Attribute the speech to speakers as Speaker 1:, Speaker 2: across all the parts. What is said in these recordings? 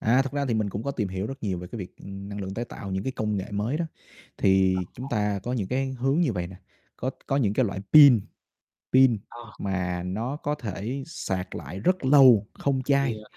Speaker 1: À, thực ra thì mình cũng có tìm hiểu rất nhiều về cái việc, ừm, năng lượng tái tạo, những cái, công nghệ mới đó. Thì chúng
Speaker 2: [unintelligible]
Speaker 1: ta có những, cái, hướng như vậy nè, có có những, cái, loại pin, pin
Speaker 2: Ờ.
Speaker 1: mà nó có thể sạc lại rất lâu không
Speaker 2: Thì,
Speaker 1: chai,
Speaker 2: ờ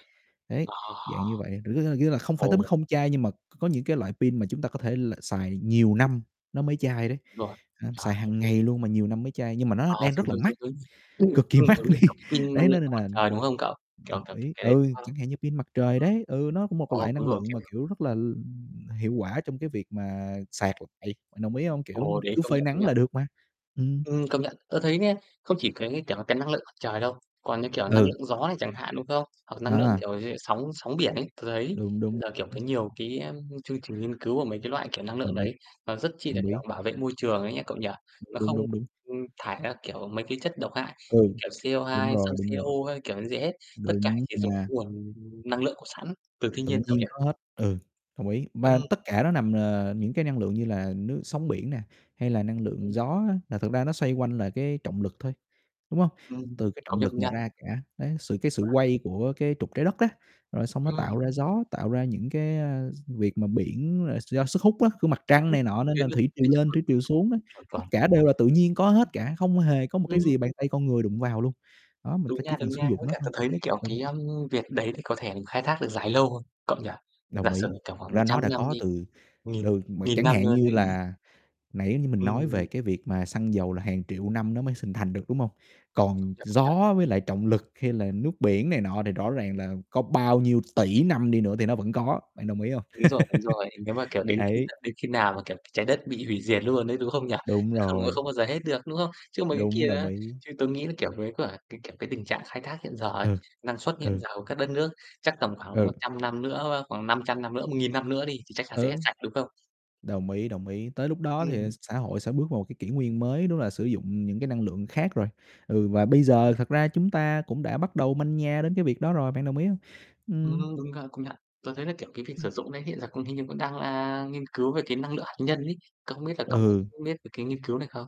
Speaker 1: ấy,
Speaker 2: Ờ!
Speaker 1: dạng như vậy. Rứa, a, nghĩa là không phải tới
Speaker 2: Ồ!
Speaker 1: mức không chai nhưng mà c có những cái loại pin mà chúng ta có thể l xài nhiều năm nó mới chai đấy,
Speaker 2: Rồi,
Speaker 1: ơ,
Speaker 2: chuẩn.
Speaker 1: xài hàng ngày
Speaker 2: [unintelligible]
Speaker 1: luôn mà nhiều năm mới chai, nhưng mà nó
Speaker 2: À,
Speaker 1: đang
Speaker 2: giống
Speaker 1: rất là
Speaker 2: giống
Speaker 1: mắc,
Speaker 2: giống, [unintelligible]
Speaker 1: cực kỳ
Speaker 2: ừm,
Speaker 1: mắc
Speaker 2: giống như
Speaker 1: đi.
Speaker 2: kiểu, cái, pin năng
Speaker 1: Đấy nó
Speaker 2: lượng
Speaker 1: nên
Speaker 2: [unintelligible] mặt
Speaker 1: là
Speaker 2: trời, đúng hông cậu? Kiểu
Speaker 1: đồng
Speaker 2: kiểu,
Speaker 1: ý,
Speaker 2: cái đấy đúng
Speaker 1: ừ,
Speaker 2: hông?
Speaker 1: chẳng
Speaker 2: [unintelligible]
Speaker 1: hạn như pin mặt trời đấy, ừ, nó cũng một
Speaker 2: Ờ,
Speaker 1: loại
Speaker 2: đúng
Speaker 1: năng
Speaker 2: rồi,
Speaker 1: lượng
Speaker 2: kiểu,
Speaker 1: mà,
Speaker 2: hiểu.
Speaker 1: kiểu, rất là, l ừm, hiệu quả trong cái việc mà sạc lại, bạn đồng ý hông? Kiểu,
Speaker 2: Ồ, đấy,
Speaker 1: cứ
Speaker 2: công
Speaker 1: phơi
Speaker 2: nhận, công
Speaker 1: nắng
Speaker 2: nhận.
Speaker 1: là được mà. Ừm.
Speaker 2: Ừm, công nhận, tớ thấy nghe, không chỉ cái, kiểu là, cái, năng lượng trời đâu, còn như, kiểu, năng
Speaker 1: Ừ.
Speaker 2: lượng gió này chẳng hạn, đúng không? Hoặc năng lượng,
Speaker 1: À.
Speaker 2: kiểu như, sóng sóng biển ấy, tớ thấy
Speaker 1: Đúng, đúng,
Speaker 2: là, kiểu, cái
Speaker 1: đúng.
Speaker 2: nhiều, cái, a, môi chương trình nghiên cứu của mấy cái loại, kiểu, năng lượng
Speaker 1: Đồng ý.
Speaker 2: đấy, nó rất chi là,
Speaker 1: Đồng ý.
Speaker 2: kiểu, bảo vệ môi trường ấy nha cậu nhỉ?
Speaker 1: Đúng,
Speaker 2: Nó
Speaker 1: đúng,
Speaker 2: không,
Speaker 1: đúng, đúng.
Speaker 2: ừm, thải ra, kiểu, mấy cái chất độc hại như,
Speaker 1: Ừ.
Speaker 2: kiểu,
Speaker 1: Đúng
Speaker 2: CO2, sang
Speaker 1: rồi, đúng
Speaker 2: CO
Speaker 1: rồi.
Speaker 2: hay, kiểu, như thế. Tất cả
Speaker 1: Đúng
Speaker 2: chỉ dùng cái
Speaker 1: nha.
Speaker 2: nguồn năng lượng có sẵn từ thiên
Speaker 1: Tự
Speaker 2: nhiên cậu nhỉ?
Speaker 1: nhiên có hết, ừ, đồng ý. Và
Speaker 2: Ừm.
Speaker 1: tất cả nó nằm, ờ, những cái năng lượng như là nước sóng biển nè, hay là năng lượng
Speaker 2: Ừm.
Speaker 1: gió á, là thực ra nó xoay quanh là cái trọng lực thôi, đúng hông?
Speaker 2: Ừm,
Speaker 1: Từ cái
Speaker 2: công
Speaker 1: trọng
Speaker 2: nhận, công
Speaker 1: lực mà
Speaker 2: nhận.
Speaker 1: ra cả, đấy, sự cái sự
Speaker 2: Phải.
Speaker 1: quay của cái trục Trái Đất á, rồi xong nó
Speaker 2: Ừm.
Speaker 1: tạo ra gió, tạo ra những cái, ơ, việc mà biển là do sức hút á của Mặt
Speaker 2: Sức
Speaker 1: Trăng
Speaker 2: hút
Speaker 1: này nọ nên
Speaker 2: khiến
Speaker 1: là
Speaker 2: cho
Speaker 1: thủy triều
Speaker 2: cái trọng
Speaker 1: lên
Speaker 2: lực,
Speaker 1: thủy triều
Speaker 2: đúng,
Speaker 1: xuống đó,
Speaker 2: chuẩn
Speaker 1: tất
Speaker 2: chuẩn.
Speaker 1: cả đều là tự nhiên có hết cả, không hề
Speaker 2: [unintelligible]
Speaker 1: có
Speaker 2: [unintelligible]
Speaker 1: một
Speaker 2: Ừm
Speaker 1: cái
Speaker 2: hưm.
Speaker 1: gì bàn tay con người đụng vào luôn. Đó, mình
Speaker 2: Đúng
Speaker 1: phải chỉ
Speaker 2: nha,
Speaker 1: cần
Speaker 2: đúng
Speaker 1: sử
Speaker 2: nha,
Speaker 1: dụng
Speaker 2: với
Speaker 1: nó
Speaker 2: cả
Speaker 1: thôi.
Speaker 2: tớ thấy cái, kiểu,
Speaker 1: Ừ.
Speaker 2: cái, ờm, việc đấy thì có thể khai thác được dài lâu hơn, cậu nhỉ? Giả
Speaker 1: Đồng
Speaker 2: sử,
Speaker 1: ý.
Speaker 2: kiểu, khoảng
Speaker 1: Thật
Speaker 2: một
Speaker 1: ra
Speaker 2: trăm
Speaker 1: nó đã
Speaker 2: năm
Speaker 1: có
Speaker 2: đi,
Speaker 1: từ
Speaker 2: nghìn
Speaker 1: từ mà
Speaker 2: nghìn
Speaker 1: chẳng
Speaker 2: năm
Speaker 1: hạn
Speaker 2: nữa
Speaker 1: như
Speaker 2: đấy.
Speaker 1: là nãy như mình nói về
Speaker 2: Ừm.
Speaker 1: cái việc mà xăng dầu là hàng triệu năm nó mới hình thành được, đúng hông?
Speaker 2: Công
Speaker 1: Còn
Speaker 2: nhận, công nhận.
Speaker 1: gió với lại trọng lực, hay là nước biển này nọ thì rõ ràng là có bao nhiêu tỷ năm đi nữa thì nó vẫn có, bạn đồng ý hông?
Speaker 2: Đúng rồi, đúng rồi, nếu mà, kiểu, đến khi
Speaker 1: Ấy.
Speaker 2: tận đến khi nào mà, kiểu, cái Trái Đất bị hủy diệt luôn ấy, đúng không nhỉ?
Speaker 1: Đúng
Speaker 2: Chứ không á
Speaker 1: rồi.
Speaker 2: không bao giờ hết được, đúng hông? Chứ mấy cái
Speaker 1: Đúng,
Speaker 2: kia
Speaker 1: đồng
Speaker 2: á,
Speaker 1: ý.
Speaker 2: chứ tớ nghĩ là, kiểu, mấy quả, cái, kiểu, cái, tình trạng khai thác hiện giờ ấy,
Speaker 1: Ừ,
Speaker 2: năng suất hiện
Speaker 1: ừ.
Speaker 2: giờ của các đất nước chắc tầm khoảng một
Speaker 1: Ừ.
Speaker 2: trăm năm nữa, ơ, khoảng 500 năm nữa, 1.000 năm nữa đi, thì chắc chắn sẽ hết
Speaker 1: Ừ.
Speaker 2: sạch, đúng không?
Speaker 1: Đồng ý, đồng ý, tới lúc đó thì
Speaker 2: Ừm.
Speaker 1: xã hội sẽ bước vào một cái kỷ nguyên mới, đúng là sử dụng những cái năng lượng khác rồi, ừ, và bây giờ
Speaker 2: Ừm.
Speaker 1: thật ra chúng ta cũng đã bắt đầu manh nha đến cái việc đó rồi, bạn đồng ý hông?
Speaker 2: Ừm
Speaker 1: Ừm.
Speaker 2: hưm, đúng gà, công nhận. Tớ thấy là, kiểu, cái việc
Speaker 1: Ừm.
Speaker 2: sử dụng đấy, hiện giờ cũng hình như cũng đang, à, nghiên cứu về cái năng lượng hạt nhân ấy. Cậu không biết là cậu
Speaker 1: Ừ.
Speaker 2: cũng biết về cái nghiên cứu này không?